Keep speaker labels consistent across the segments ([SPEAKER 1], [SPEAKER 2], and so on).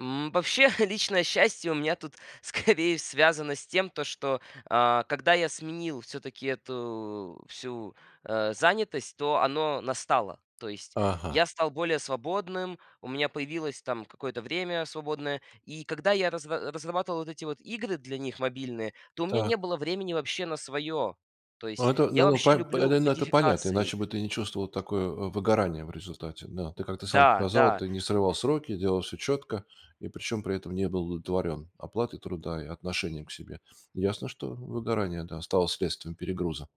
[SPEAKER 1] М, вообще личное счастье у меня тут, скорее, связано с тем, то, что, а, когда я сменил всё-таки эту всю, э, занятость, то оно настало. То есть
[SPEAKER 2] Ага.
[SPEAKER 1] я стал более свободным, у меня появилось там какое-то время свободное. И когда я разра разрабатывал вот эти вот игры для них мобильные, то у меня
[SPEAKER 2] Та.
[SPEAKER 1] не было времени вообще на своё. То
[SPEAKER 2] Ну
[SPEAKER 1] есть
[SPEAKER 2] это,
[SPEAKER 1] я
[SPEAKER 2] ну, во
[SPEAKER 1] вообще
[SPEAKER 2] по п
[SPEAKER 1] люблю
[SPEAKER 2] ну, это понятно,
[SPEAKER 1] модификации.
[SPEAKER 2] иначе бы ты не чувствовал такое выгорание в результате. Да, ты, как ты сам
[SPEAKER 1] Да,
[SPEAKER 2] сказал,
[SPEAKER 1] да.
[SPEAKER 2] ты не срывал сроки, делал всё четко, и причем при этом не был удовлетворен оплатой труда и отношением к себе. Ясно, что выгорание, да, стало следствием перегруза.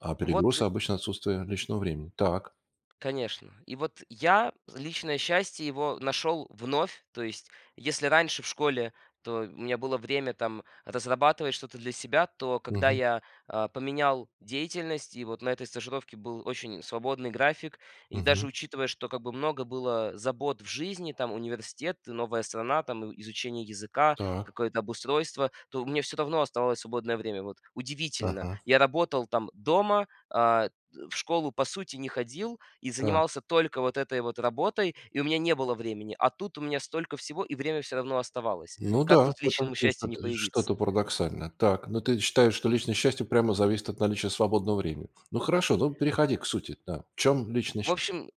[SPEAKER 2] А
[SPEAKER 1] Вот
[SPEAKER 2] перегруз
[SPEAKER 1] и
[SPEAKER 2] обычно отсутствие личного времени. Так.
[SPEAKER 1] Конечно. И вот я личное счастье, его нашёл вновь. То есть, если раньше в школе, то у меня было время там разрабатывать что-то для себя, то когда
[SPEAKER 2] Мгм.
[SPEAKER 1] я, э, поменял деятельность, и вот на этой стажировке был очень свободный график. И даже
[SPEAKER 2] Мгм.
[SPEAKER 1] учитывая, что как бы много было забот в жизни, там университет, новая страна, там и изучение языка,
[SPEAKER 2] Так.
[SPEAKER 1] какое-то обустройство, то у меня всё равно оставалось свободное время. Вот удивительно,
[SPEAKER 2] Ага.
[SPEAKER 1] я работал там дома, а т в школу по сути не ходил и
[SPEAKER 2] Так.
[SPEAKER 1] занимался только вот этой вот работой, и у меня не было времени, а тут у меня столько всего, и время всё равно оставалось.
[SPEAKER 2] Ну
[SPEAKER 1] Как
[SPEAKER 2] да,
[SPEAKER 1] тут
[SPEAKER 2] в этом
[SPEAKER 1] личному
[SPEAKER 2] есть
[SPEAKER 1] счастью не
[SPEAKER 2] что-то и что-то
[SPEAKER 1] появиться?
[SPEAKER 2] парадоксальное. Так, но ты считаешь, что личное счастье прямо зависит от наличия свободного времени. Ну, хорошо, ну, переходи к сути, да. В чем личное
[SPEAKER 1] В
[SPEAKER 2] сча
[SPEAKER 1] общем,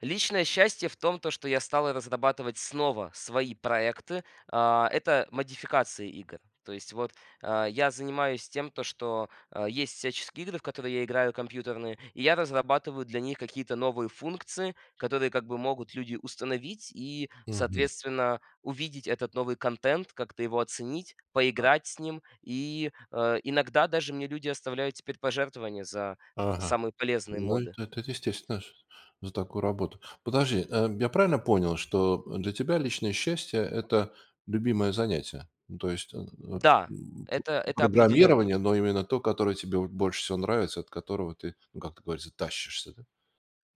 [SPEAKER 1] личное счастье в том, то, что я стал разрабатывать снова свои проекты. А, это модификация игр. То есть вот, э, я занимаюсь тем, то, что, э, есть всяческие игры, в которые я играю компьютерные, и я разрабатываю для них какие-то новые функции, которые как бы могут люди установить и
[SPEAKER 2] Мгм.
[SPEAKER 1] соответственно увидеть этот новый контент, как-то его оценить,
[SPEAKER 2] Так.
[SPEAKER 1] поиграть с ним. И, э, иногда даже мне люди оставляют теперь пожертвование за
[SPEAKER 2] Ага.
[SPEAKER 1] самые полезные
[SPEAKER 2] Ну,
[SPEAKER 1] моды.
[SPEAKER 2] это это естественно ш за такую работу. Подожди, э, я правильно понял, что для тебя личное счастье- это любимое занятие? Ну, то есть, э э, м
[SPEAKER 1] Да,
[SPEAKER 2] м,
[SPEAKER 1] это это определённо.
[SPEAKER 2] программирование, но именно то, которое тебе вот больше всего нравится, от которого ты, ну, как это говорится, тащишься, да?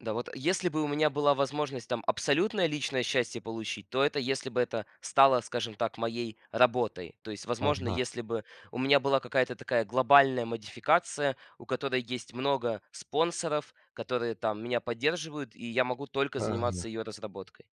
[SPEAKER 1] Да, вот если бы у меня была возможность там абсолютное личное счастье получить, то это если бы это стало, скажем так, моей работой. То есть, возможно,
[SPEAKER 2] Ага.
[SPEAKER 1] если бы у меня была какая-то такая глобальная модификация, у которой есть много спонсоров, которые там меня поддерживают, и я могу только
[SPEAKER 2] Правильно.
[SPEAKER 1] заниматься её разработкой.